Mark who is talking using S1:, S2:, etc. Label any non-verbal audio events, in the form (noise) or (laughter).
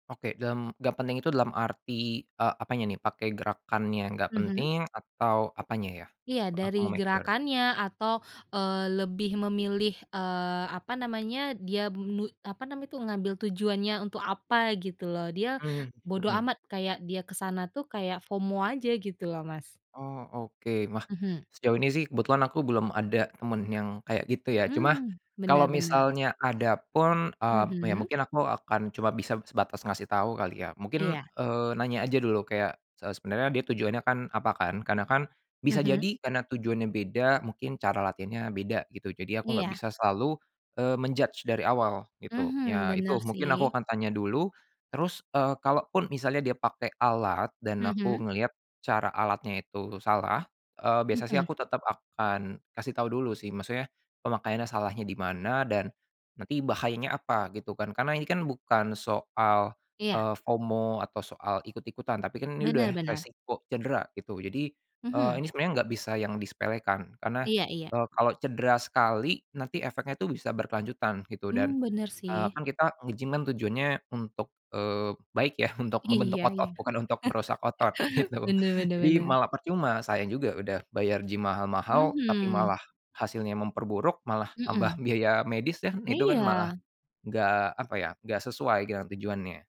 S1: Oke, dalam gak penting itu dalam arti, eee, apanya nih, pakai gerakannya gak
S2: Mhm.
S1: penting atau apanya ya?
S2: Iya
S1: Aku mau
S2: dari
S1: make sure.
S2: gerakannya atau, eee, lebih memilih, eee, apa namanya dia mi apa namanya itu ngambil tujuannya untuk apa gitu loh, dia
S1: Mmm,
S2: bodo
S1: mhm.
S2: amat kayak dia ke sana tuh kayak FOMO aja gitu loh, Mas.
S1: Oh oke, wah
S2: Mhm.
S1: sejauh ini sih kebetulan aku belum ada temen yang kayak gitu ya, cuma
S2: Mmm,
S1: kalau
S2: benar benar.
S1: misalnya ada pun, eee, ya
S2: Mhm.
S1: mungkin aku akan cuma bisa sebatas ngasih tau kali ya, mungkin,
S2: Iya.
S1: eee, nanya aja dulu kayak, se sebenarnya dia tujuannya kan apa kan? Karena kan bisa
S2: Mhm.
S1: jadi karena tujuannya beda mungkin cara latihannya beda gitu, jadi aku gak
S2: Iya.
S1: bisa selalu, eee, men-judge dari awal gitu.
S2: Mhm,
S1: Ya
S2: bener
S1: itu mungkin aku
S2: sih.
S1: akan tanya dulu terus, eee, kalaupun misalnya dia pakai alat dan aku
S2: Mhm.
S1: ngelihat cara alatnya itu salah, eee, biasa sih
S2: Mhm.
S1: aku tetap akan kasih tahu dulu sih, maksudnya pemakaiannya salahnya di mana dan nanti bahayanya apa gitu kan, karena ini kan bukan soal,
S2: Iya.
S1: eee, FOMO atau soal ikut-ikutan tapi kan ini
S2: Bener
S1: udah
S2: bener.
S1: resiko cedera gitu. Jadi, eee,
S2: Mhm.
S1: ini sebenarnya nggak bisa yang disepelekan karena,
S2: Iya iya.
S1: eee, kalau cedera sekali nanti efeknya itu bisa berkelanjutan gitu dan,
S2: Mmm, bener
S1: eee,
S2: sih.
S1: kan kita nge-gym kan tujuannya untuk, eee, baik ya untuk membentuk
S2: Iya iya.
S1: otot bukan untuk merusak otot,
S2: (chuckles)
S1: gitu.
S2: Bener bener
S1: Jadi
S2: bener.
S1: malah percuma sayang juga udah bayar gym mahal-mahal tapi
S2: Mhm.
S1: malah hasilnya memperburuk, malah tambah
S2: Mhm.
S1: biaya medis dan itu kan malah
S2: Iya.
S1: enggak apa ya enggak sesuai dengan tujuannya.